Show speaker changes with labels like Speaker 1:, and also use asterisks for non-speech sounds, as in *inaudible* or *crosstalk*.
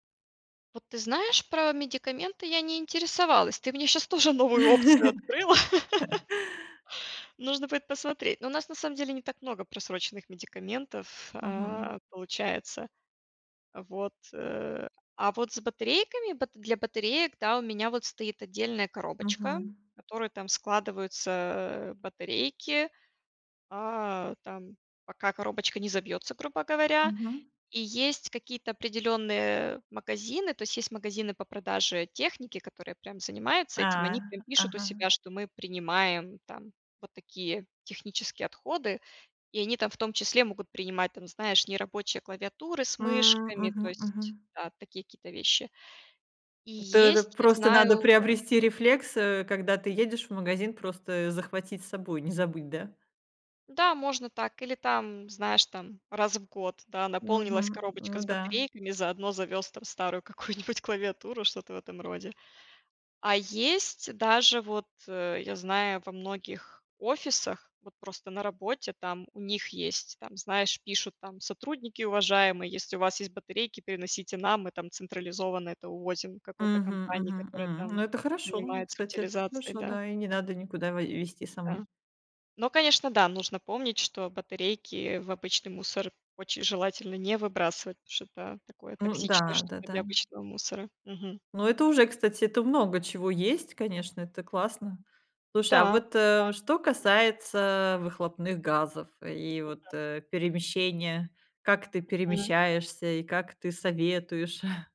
Speaker 1: Вот ты знаешь, про медикаменты я не интересовалась, ты мне щас тоже новую опцию открыла.
Speaker 2: *laughs*
Speaker 1: Нужно будет посмотреть. Ну, у нас на самом деле не так много просроченных медикаментов,
Speaker 2: Мгм.
Speaker 1: а, получается. А, вот, э, а вот с батарейками, бат для батареек, да, у меня вот стоит отдельная коробочка,
Speaker 2: Мгм.
Speaker 1: в которую там складываются, а, батарейки, а, там пока коробочка не забьется, грубо говоря.
Speaker 2: Мгм.
Speaker 1: И есть какие-то определенные магазины, то есть магазины по продаже техники, которые прям занимаются этим,
Speaker 2: А,
Speaker 1: они прям пишут у
Speaker 2: ага.
Speaker 1: себя, что мы принимаем там вот такие технические отходы. И они там в том числе могут принимать там, знаешь, нерабочие клавиатуры с
Speaker 2: М,
Speaker 1: мышками, то
Speaker 2: мгм,
Speaker 1: есть,
Speaker 2: мгм.
Speaker 1: да, такие какие-то вещи. И
Speaker 2: То это
Speaker 1: есть, я
Speaker 2: просто надо
Speaker 1: знаю, да
Speaker 2: приобрести рефлекс, э, когда ты едешь в магазин, просто захватить с собой, не забыть, да.
Speaker 1: Да, можно так, или там, знаешь, там раз в год, да, наполнилась
Speaker 2: Мгм.
Speaker 1: коробочка
Speaker 2: Ну
Speaker 1: с
Speaker 2: да.
Speaker 1: батарейками, заодно завез там старую какую-нибудь клавиатуру, что-то в этом роде. А есть даже вот, э, я знаю, во многих офисах вот просто на работе, там у них есть там, знаешь, пишут там: "Сотрудники уважаемые, если у вас есть батарейки, приносите нам, мы там централизованно это увозим какой-то
Speaker 2: Мгм,
Speaker 1: компании,
Speaker 2: мгм,
Speaker 1: которая
Speaker 2: м.
Speaker 1: там
Speaker 2: Ну, это хорошо, м,
Speaker 1: занимается
Speaker 2: кстати, это
Speaker 1: утилизацией",
Speaker 2: хорошо,
Speaker 1: да.
Speaker 2: да, и не надо никуда вой везти самой.
Speaker 1: Да. Но, конечно, да, нужно помнить, что батарейки в обычный мусор очень желательно не выбрасывать, потому что это такое
Speaker 2: Ну
Speaker 1: токсичное
Speaker 2: да,
Speaker 1: что-то для
Speaker 2: да-да.
Speaker 1: обычного мусора. Мгм.
Speaker 2: Ну, это уже, кстати, это в много чего есть, конечно, это классно. Слушай, а вот,
Speaker 1: Да-да.
Speaker 2: э, что касается выхлопных газов и
Speaker 1: П да.
Speaker 2: вот, э, перемещения. Как ты
Speaker 1: Мгм.
Speaker 2: перемещаешься и как ты советуешь? *chuckles*